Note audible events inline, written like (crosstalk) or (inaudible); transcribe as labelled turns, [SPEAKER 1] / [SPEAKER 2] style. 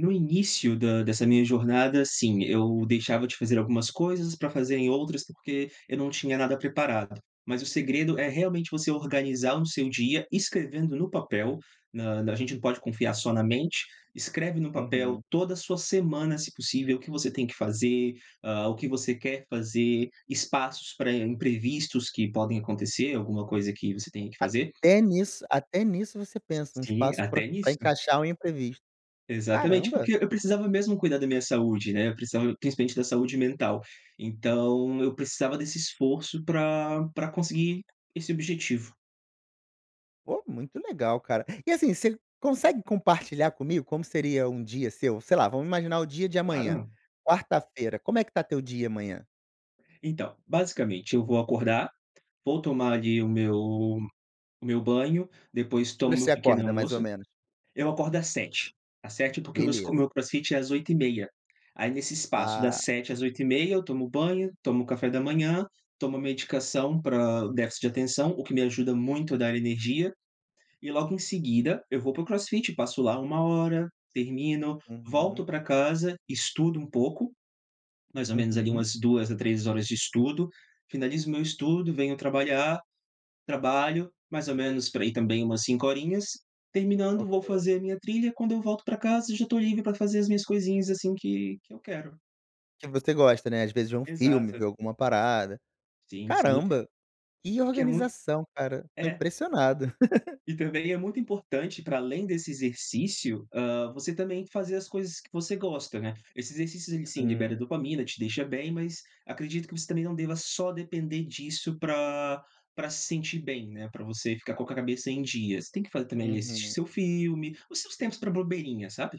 [SPEAKER 1] No início da dessa minha jornada, sim, eu deixava de fazer algumas coisas pra fazer em outras porque eu não tinha nada preparado. Mas o segredo é realmente você organizar o seu dia escrevendo no papel, na na a gente não pode confiar só na mente, escreve no papel
[SPEAKER 2] Uhum.
[SPEAKER 1] toda a sua semana, se possível, o que você tem que fazer, ah, o que você quer fazer, espaços pra imprevistos que podem acontecer, alguma coisa que você tenha que fazer.
[SPEAKER 2] Até nisso até nisso você pensa: um
[SPEAKER 1] Sim,
[SPEAKER 2] espaço pra
[SPEAKER 1] até
[SPEAKER 2] pra
[SPEAKER 1] nisso.
[SPEAKER 2] encaixar um imprevisto.
[SPEAKER 1] Exatamente,
[SPEAKER 2] Caramba.
[SPEAKER 1] porque eu precisava mesmo cuidar da minha saúde, né, eu precisava principalmente da saúde mental. Então eu precisava desse esforço pra pra conseguir esse objetivo.
[SPEAKER 2] Pô, muito legal, cara. E assim, você consegue compartilhar comigo como seria um dia seu? Sei lá, vamos imaginar o dia de amanhã,
[SPEAKER 1] Claro.
[SPEAKER 2] quarta-feira, como é que tá teu dia amanhã?
[SPEAKER 1] Então, basicamente eu vou acordar, vou tomar, ali, o meu o meu banho. Depois
[SPEAKER 2] Que horas
[SPEAKER 1] tomo
[SPEAKER 2] que você
[SPEAKER 1] meu pequeno
[SPEAKER 2] acorda mais ou
[SPEAKER 1] almoço.
[SPEAKER 2] menos?
[SPEAKER 1] Eu acordo às 7h. Às 7h porque meus
[SPEAKER 2] Beleza.
[SPEAKER 1] meu crossfit é às 8h30. Aí nesse espaço das
[SPEAKER 2] Ah.
[SPEAKER 1] 7h às 8h30 eu tomo banho, tomo café da manhã, tomo medicação pra déficit de atenção, o que me ajuda muito a dar energia e logo em seguida eu vou pro crossfit. Passo lá 1 hora, termino, volto
[SPEAKER 2] Uhum.
[SPEAKER 1] pra casa, estudo um pouco, mais ou menos ali
[SPEAKER 2] Uhum.
[SPEAKER 1] umas 2 a 3 horas de estudo, finalizo meu estudo, venho trabalhar. Trabalho mais ou menos por aí também umas 5 horinhas. Terminando
[SPEAKER 2] Ok.
[SPEAKER 1] vou fazer a minha trilha, quando eu volto pra casa já estou livre pra fazer as minhas coisinhas, assim, que que eu quero.
[SPEAKER 2] Que você gosta, né, às vezes vê um filme, vê
[SPEAKER 1] Exato.
[SPEAKER 2] alguma parada.
[SPEAKER 1] Sim, sim.
[SPEAKER 2] Caramba, que
[SPEAKER 1] Porque é muito
[SPEAKER 2] organização cara, estou
[SPEAKER 1] É.
[SPEAKER 2] impressionado. (laughs)
[SPEAKER 1] E também é muito importante, para além desse exercício, hã, você também fazer as coisas que você gosta, né. Esse exercício, ele, sim, libera
[SPEAKER 2] Hum.
[SPEAKER 1] dopamina, te deixa bem, mas acredito que você também não deva só depender disso pra pra se sentir bem, né, pra você ficar com a cabeça em dias. Tem que fazer também, ali, assistir
[SPEAKER 2] Uhum.
[SPEAKER 1] seu filme, os seus tempos pra bobeirinha, sabe?